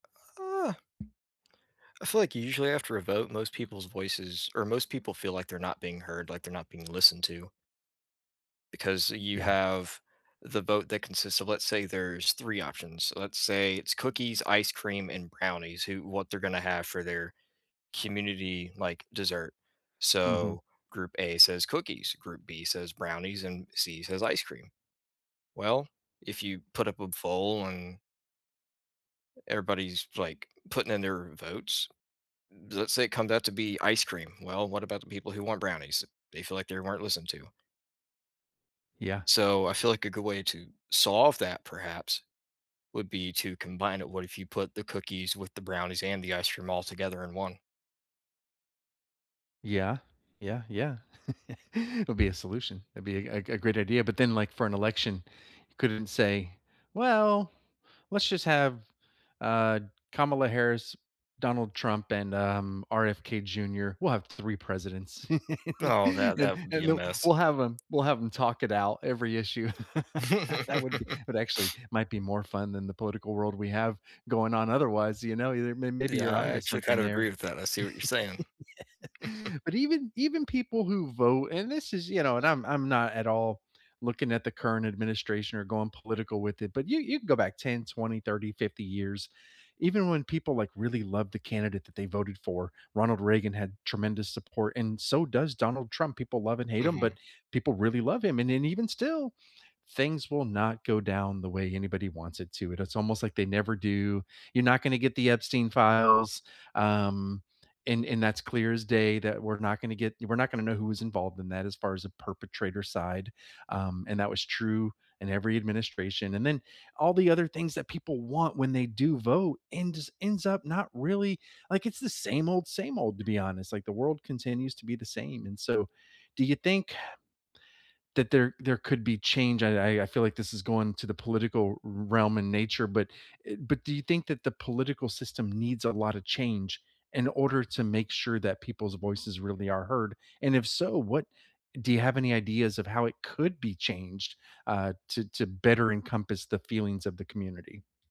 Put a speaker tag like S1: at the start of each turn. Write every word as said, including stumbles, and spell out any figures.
S1: Uh I feel like u usually after a vote, most people's voices or most people feel like they're not being heard, like they're not being listened to because you
S2: Yeah.
S1: have the vote that consists of let's say there's three options. So, let's say it's cookies, ice cream, and brownies, who what they're gonna have for their community, like, dessert.
S2: Mhm.
S1: So, group A says "cookies", group B says "brownies", and C says "ice cream". Well, if you put up a foll and everybody's, like, putting in their votes. Let's say it comes out to be ice cream. Well, what about the people who want brownies? They feel like they weren't listened to.
S2: Yeah.
S1: So, I feel like a good way to solve that perhaps, would be to combine it. What if you put the cookies with the brownies and the ice cream all together in one?
S2: Yeah. Yeah, yeah. It'll be a solution. That'd be a a a great idea. But then, like, for an election, you couldn't say, "Well, let's just have, uh, Kamala Harris, Donald Trump, and, um, RFK Jr. We'll have three presidents."
S1: Oh, that
S2: Then
S1: that would be a
S2: then, uh,
S1: mess.
S2: we'll have 'em we'll have 'em talk it out every issue. That would be but actually, might be more fun than the political world we have going on otherwise, you know, your they may maybe
S1: Yeah.
S2: you're
S1: I
S2: on to
S1: actually
S2: something
S1: kind of agree
S2: there.
S1: with that. I see what you're saying.
S2: But even even people who vote and this is, you know, and I'm I'm not at all looking at the current administration or going political with it, but you you can go back ten, twenty, thirty, fifty years. Even when people, like, really love the candidate that they voted for. Ronald Reagan had tremendous support, and so does Donald Trump, people love and hate him, but
S1: Mhm.
S2: people really love him, and then even still, things will not go down the way anybody wants it to, it is almost, like, they never do. "You're not gona get the Epstein files." Um, and and that's clear as day that we're not gonna get you we're not gonna know who was involved in that as far as a perpetrator side. Um, and that was true in every administration and then all the other things that people want when they do vote ends ends up not really, like, it's the same old same old, to be honest, like, the world continues to be the same. And so, do you think, uh, that there there could be change? I I I feel like this is going to the political r realm in nature, but y but do you think that the political system needs a lotta change in order to make sure that people's voices really are heard? And if so, what do you have any ideas of how it could be changed, uh, to to better encompass the feelings of the community?